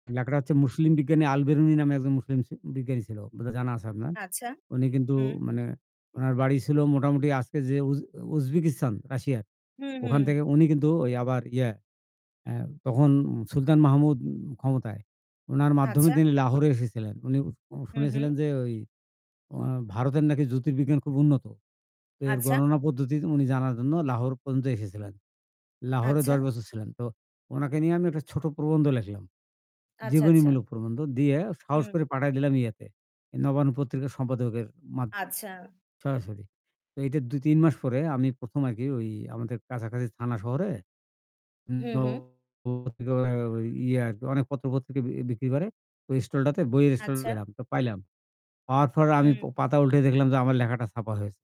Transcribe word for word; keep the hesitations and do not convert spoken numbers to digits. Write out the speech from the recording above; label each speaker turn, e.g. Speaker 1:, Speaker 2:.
Speaker 1: লেখাটা হচ্ছে মুসলিম বিজ্ঞানী আল বেরুনি নামে একজন মুসলিম স বিজ্ঞানী ছিল। বোধহয় জানা আছে আপনার।
Speaker 2: আচ্ছা।
Speaker 1: উনি কিন্তু
Speaker 2: উম।
Speaker 1: মানে উনার বাড়ি ছিল মোটামুটি আজকে যে উজ উজবেকিস্তান রাশিয়ার।
Speaker 2: হু, হু।
Speaker 1: ওখান থেকে উনি কিন্তু ওই আবার ইয়া অ্যা তখন সুলতান মাহমুদ ক্ষমতায়। উনার মাধ্যমে
Speaker 2: আচ্ছা।
Speaker 1: তিনি লাহোরে এসেছিলেন। উনি উ
Speaker 2: হু,
Speaker 1: শুনেছিলেন
Speaker 2: হু।
Speaker 1: যে, ওই ও ভারতের নাকি জ্যোতির্বিজ্ঞান খুব উন্নত। তো এর
Speaker 2: আচ্ছা।
Speaker 1: গণনা পদ্ধতি উনি জানার জন্য লাহোর পর্যন্ত এসেছিলেন। লাহোরে দশ
Speaker 2: আচ্ছা।
Speaker 1: বছর ছিলেন। তো উনাকে নিয়ে আমি একটা ছোট প্রবন্ধ লেখলাম।
Speaker 2: আচ্ছা, আচ্ছা।
Speaker 1: জীবনীমূলক প্রবন্ধ দিয়ে সাহস
Speaker 2: উম
Speaker 1: করে পাঠায় দিলাম ইয়াতে। এই 'নবান্ন' পত্রিকার সম্পাদকের মাদ
Speaker 2: আচ্ছা।
Speaker 1: সরাসরি। তো এইটা দুই-তিন মাস পরে আমি প্রথম আরকি ওই আমাদের কাছাকাছি থানা শহরে
Speaker 2: হু,
Speaker 1: [unintelligible]
Speaker 2: হু।
Speaker 1: ইয়া আরকি অনেক পত্র-পত্রিকা বি বিক্রি করে। ওই স্টলটাতে বইয়ের স্টলে
Speaker 2: আচ্ছা।
Speaker 1: গেলাম, তো পাইলাম। পাওয়ার পরে আমি প
Speaker 2: হুম।
Speaker 1: পাতা উল্টে দেখলাম যে আমার লেখাটা ছাপার হয়েছে।